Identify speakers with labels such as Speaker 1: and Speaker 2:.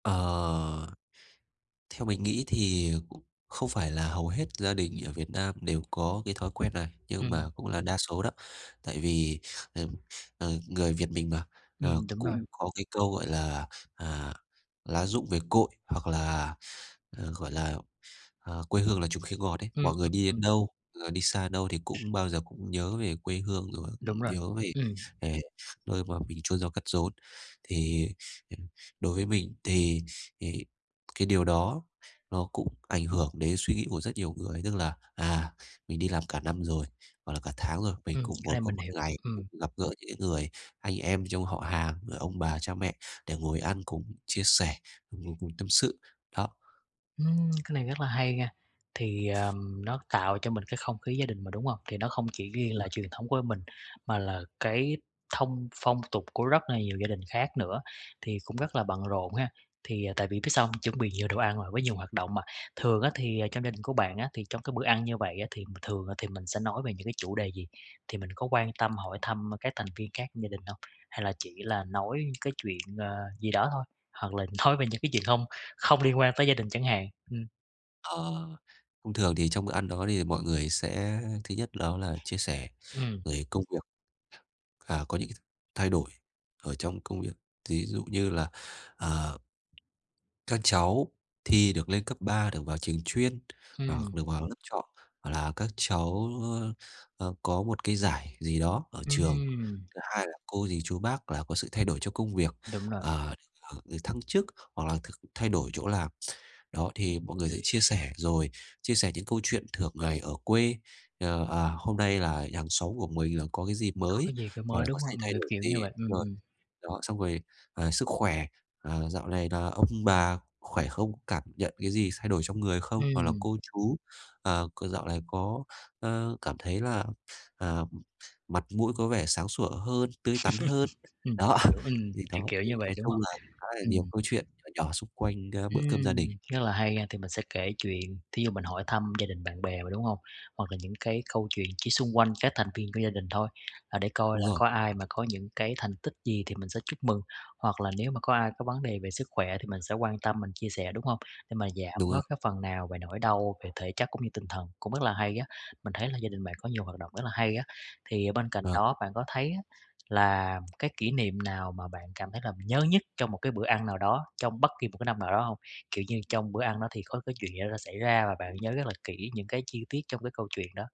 Speaker 1: Ờ. Theo mình nghĩ thì cũng không phải là hầu hết gia đình ở Việt Nam đều có cái thói quen này, nhưng
Speaker 2: Ừm.
Speaker 1: mà cũng là đa số đó, tại vì ờm, ờ, người Việt mình mà, ờ,
Speaker 2: Ừm, đúng rồi.
Speaker 1: cũng có cái câu, gọi là, à, "Lá rụng về cội", hoặc là, ờ, gọi là, ờ, "Quê hương là chùm khế ngọt" ấy,
Speaker 2: Ừm,
Speaker 1: mọi người
Speaker 2: ừm,
Speaker 1: đi đến
Speaker 2: ừm.
Speaker 1: đâu, người đi xa đến đâu thì cũng bao giờ cũng nhớ về quê hương, rồi
Speaker 2: Đúng rồi.
Speaker 1: nhớ về
Speaker 2: Ừm.
Speaker 1: về nơi mà mình chôn nhau cắt rốn. Thì, ừm, đối với mình thì thì cái điều đó nó cũng ảnh hưởng đến suy nghĩ của rất nhiều người, tức là, à, mình đi làm cả năm rồi, hoặc là cả tháng rồi, mình
Speaker 2: Ừm,
Speaker 1: cũng
Speaker 2: cái
Speaker 1: muốn
Speaker 2: này
Speaker 1: có
Speaker 2: mình
Speaker 1: một
Speaker 2: hiểu,
Speaker 1: ngày được
Speaker 2: ừm.
Speaker 1: gặp gỡ những cái người anh em trong họ hàng, rồi ông bà cha mẹ để ngồi ăn cùng chia sẻ, ngồi cùng tâm sự, đó.
Speaker 2: Ừm, cái này rất là hay nghe, thì, ờm, nó tạo cho mình cái không khí gia đình mà, đúng hông? Thì nó không chỉ
Speaker 1: Đúng
Speaker 2: riêng là
Speaker 1: rồi.
Speaker 2: truyền thống của mình, mà là cái thông phong tục của rất là nhiều gia đình khác nữa, thì cũng rất là bận rộn ha, thì, à tại vì biết sao hông? Chuẩn bị nhiều đồ ăn rồi, với nhiều hoạt động mà, thường á thì, ờ, trong gia đình của bạn á, thì trong cái bữa ăn như vậy á thì thường thì mình sẽ nói về những cái chủ đề gì? Thì mình có quan tâm hỏi thăm các thành viên khác trong gia đình hông? Hay là chỉ là nói cái chuyện, ờ, gì đó thôi, hoặc là nói về những cái chuyện hông không liên quan tới gia đình chẳng hạn, ừm.
Speaker 1: Ờ, thông thường thì trong bữa ăn đó thì mọi người sẽ, thứ nhất đó là chia sẻ
Speaker 2: Ừm.
Speaker 1: về công việc, à, có những cái thay đổi ở trong công việc, ví dụ như là, à các cháu thi được lên cấp 3, được vào trường chuyên, hoặc
Speaker 2: Ừm.
Speaker 1: được vào lớp chọn, gọi là, các cháu, ơ, ơ, có một cái giải gì đó ở trường,
Speaker 2: Ừm.
Speaker 1: thứ hai là cô dì chú bác là có sự thay đổi cho công việc,
Speaker 2: Đúng rồi.
Speaker 1: à, ờ, được thăng chức hoặc là th thay đổi chỗ làm. Đó, thì mọi người sẽ chia sẻ, rồi, chia sẻ những câu chuyện thường ngày ở quê, ờ, à, hôm nay là hàng xóm của mình là có cái gì
Speaker 2: Có
Speaker 1: mới,
Speaker 2: cái gì cái
Speaker 1: hoặc
Speaker 2: mới,
Speaker 1: là
Speaker 2: đúng
Speaker 1: có xay
Speaker 2: hông?
Speaker 1: thay
Speaker 2: Ng
Speaker 1: đổi
Speaker 2: kiểu như
Speaker 1: gì
Speaker 2: vậy,
Speaker 1: đúng
Speaker 2: ừm,
Speaker 1: rồi.
Speaker 2: ừm.
Speaker 1: Đó, xong rồi, ờ, sức khỏe, ờ, dạo này là ông bà khỏe không, cảm nhận cái gì thay đổi trong người không, hoặc là
Speaker 2: Ừm.
Speaker 1: cô chú, ờ, c dạo này có, ờ, cảm thấy là, à, mặt mũi có vẻ sáng sủa hơn, tươi tắn hơn,
Speaker 2: Ừm, mình
Speaker 1: đó.
Speaker 2: hiểu, ừm,
Speaker 1: Thì
Speaker 2: kiểu
Speaker 1: đó,
Speaker 2: kiểu
Speaker 1: thì
Speaker 2: như vậy,
Speaker 1: nói
Speaker 2: đúng
Speaker 1: chung
Speaker 2: hông?
Speaker 1: là khá là nhiều
Speaker 2: Ừm.
Speaker 1: câu chuyện nhỏ nhỏ xung quanh đá bữa cơm gia đình.
Speaker 2: Ừm, rất là hay ha, thì mình sẽ kể chuyện, thí dụ mình hỏi thăm gia đình bạn bè mà, đúng hông? Hoặc là những cái câu chuyện chỉ xung quanh các thành viên của gia đình thôi, à, để coi
Speaker 1: Đúng
Speaker 2: là
Speaker 1: rồi.
Speaker 2: có ai mà có những cái thành tích gì thì mình sẽ chúc mừng, hoặc là nếu mà có ai có vấn đề về sức khỏe thì mình sẽ quan tâm, mình chia sẻ, đúng hông? Để mà giảm
Speaker 1: Đúng
Speaker 2: bớt
Speaker 1: rồi.
Speaker 2: cái phần nào về nỗi đau về thể chất cũng như tinh thần, cũng rất là hay á, mình thấy là gia đình bạn có nhiều hoạt động rất là hay á. Thì, ở, bên cạnh
Speaker 1: Vâng.
Speaker 2: đó bạn có thấy á là cái kỷ niệm nào mà bạn cảm thấy là nhớ nhất trong một cái bữa ăn nào đó, trong bất kỳ một cái năm nào đó hông? Kiểu như, trong bữa ăn đó thì có cái chuyện gì đó xảy ra và bạn nhớ rất là kỹ những cái chi tiết trong cái câu chuyện đó.